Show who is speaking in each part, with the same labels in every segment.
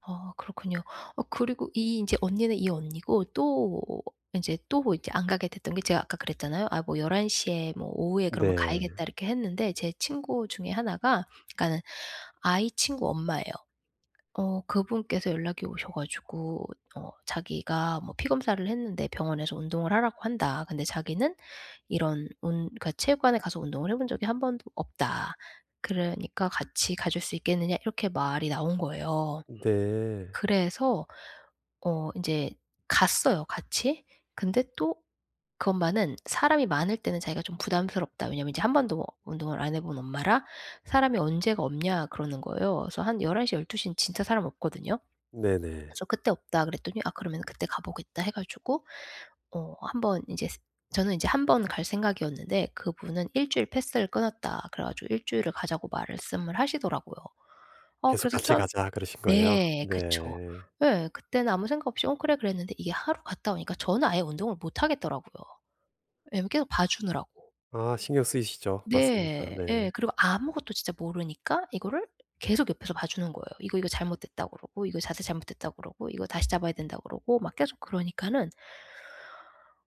Speaker 1: 아 그렇군요. 어 그리고 이 인제 언니는 이 언니고 또 인제 또 이제 안 가게 됐던 게 제가 아까 그랬잖아요. '아 뭐 11 시에 뭐 오후에 그러면
Speaker 2: 네.
Speaker 1: 가야겠다.' 이렇게 했는데 제 친구 중에 1 가 그러니까는 아이 친구 엄마예요. 어 그분께서 연락이 오셔 가지고 어 자기가 뭐 피 검사를 했는데 병원에서 운동을 하라고 한다. 근데 자기는 이런 운 그러니까 체육관에 가서 운동을 해 본 적이 한번도 없다. 그러니까 같이 가 줄 수 있겠느냐 이렇게 말이 나온 거예요.
Speaker 2: 네.
Speaker 1: 그래서 어 인제 갔어요 같이. 근데 또 그 엄마는 사람이 많을 때는 자기가 좀 부담스럽다. 왜냐하면 이제 1 번도 운동을 안 해 본 엄마라 "사람이 언제가 없냐." 그러는 거예요. 그래서 한 11:00 12 에는 진짜 사람 없거든요.
Speaker 2: 네네.
Speaker 1: 그래서 "그때 없다." 그랬더니 "아 그러면은 그때 가 보겠다." 해 가지고 어 1 번 이제 스 저는 이제 1 번 갈 생각이었는데 그분은 1 주일 패스를 끊었다 그래 가지고 1 주일을 가자고 말씀을 하시더라고요. 어
Speaker 2: 계속
Speaker 1: 그래서
Speaker 2: 같이
Speaker 1: 참
Speaker 2: 가자 그러신 거예요?
Speaker 1: 네 그쵸.
Speaker 2: 네.
Speaker 1: 예. 그때는 아무 생각 없이 "어 그래." 그랬는데 이게 하루 갔다 오니까 저는 아예 운동을 못 하겠더라고요. 예 계속 봐 주느라고.
Speaker 2: 아 신경 쓰이시죠. 맞습니다.
Speaker 1: 네. 예.
Speaker 2: 네.
Speaker 1: 그리고 아무것도 진짜 모르니까 이거를 계속 옆에서 봐주는 거예요. "이거, 이거 잘못됐다." 그러고 "이거 자세 잘못됐다." 그러고 "이거 다시 잡아야 된다."고 그러고 막 계속 그러니까는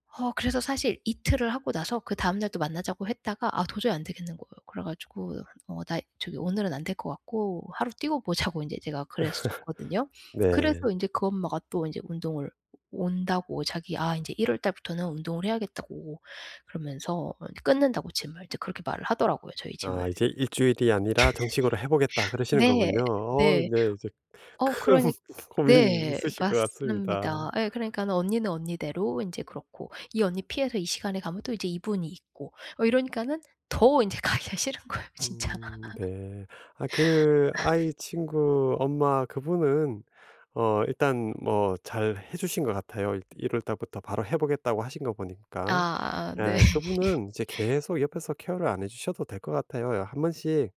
Speaker 1: 어 그래서 사실 이틀을 하고 나서 그다음 날 또 만나자고 했다가 아 도저히 안 되겠는 거예요. 그래 가지고 어 나 저기 오늘은 안 될 것 같고 하루 띄고 보자고 인제 제가 그랬었거든요.
Speaker 2: 네.
Speaker 1: 그래서 인제 그 엄마가 또 이제 운동을 온다고 자기 "아 인제 1 월 달부터는 운동을 해야겠다."고 그러면서 이렇게 끊는다고 gym을 이제 그렇게 말을 하더라고요, 저희 gym을.
Speaker 2: 아 이제 1 주일이 아니라 정식으로 해 보겠다 그러시는
Speaker 1: 네.
Speaker 2: 거군요. 어
Speaker 1: 네.
Speaker 2: 네. 이제
Speaker 1: 어
Speaker 2: 큰
Speaker 1: 그러니
Speaker 2: 고민이
Speaker 1: 네
Speaker 2: 있으실 것 같습니다.
Speaker 1: 맞습니다. 예 그러니까는 언니는 언니대로 인제 그렇고 이 언니 피해서 이 시간에 가면 또 이제 이분이 있고 어 이러니까는 더 인제 가기가 싫은 거예요, 진짜.
Speaker 2: 음 네. 아 그 아이 친구 엄마 그분은 어 일단 뭐 잘해 주신 것 같아요. 1 월 달부터 바로 해 보겠다고 하신 거 보니까.
Speaker 1: 아 네.
Speaker 2: 네. 그분은 이제 계속 옆에서 케어를 안 해 주셔도 될 것 같아요. 어 한번씩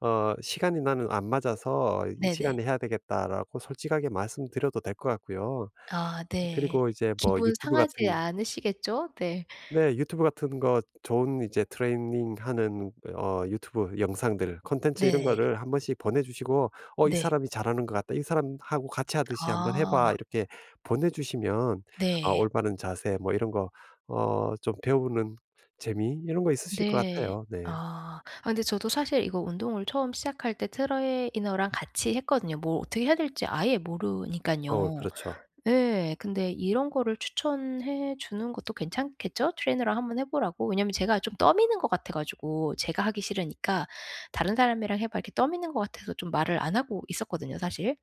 Speaker 2: 어 "시간이 나는 안 맞아서 이
Speaker 1: 네네.
Speaker 2: 시간에 해야 되겠다."라고 솔직하게 말씀드려도 될 것 같고요.
Speaker 1: 아 네.
Speaker 2: 그리고 이제 뭐
Speaker 1: 기분
Speaker 2: YouTube
Speaker 1: 상하지
Speaker 2: 같은
Speaker 1: 않으시겠죠? 네.
Speaker 2: 네 YouTube 같은 거 좋은 이제 트레이닝하는 어 YouTube 영상들 콘텐츠 이런
Speaker 1: 네.
Speaker 2: 거를 한번씩 보내 주시고 어 "이
Speaker 1: 네.
Speaker 2: 사람이 잘하는 것 같다. 이 사람하고 같이하듯이 한번 해
Speaker 1: 아.
Speaker 2: 봐." 이렇게 보내 주시면 어
Speaker 1: 네.
Speaker 2: 올바른 자세 뭐 이런 거 어 좀 배우는 재미 이런 거 있으실 것
Speaker 1: 네.
Speaker 2: 같아요. 네.
Speaker 1: 아. 아 근데 저도 사실 이거 운동을 처음 시작할 때 트레이너랑 같이 했거든요. 뭘 어떻게 해야 될지 아예
Speaker 2: 어
Speaker 1: 모르니깐요.
Speaker 2: 그렇죠.
Speaker 1: 예. 근데 이런 거를 추천해 주는 것도 괜찮겠죠? 트레이너랑 한번 해 보라고. 왜냐면 제가 좀 떠미는 것 같아 가지고 제가 하기 싫으니까 "다른 사람이랑 해 봐." 이렇게 떠미는 것 같아서 좀 말을 안 하고 있었거든요, 사실.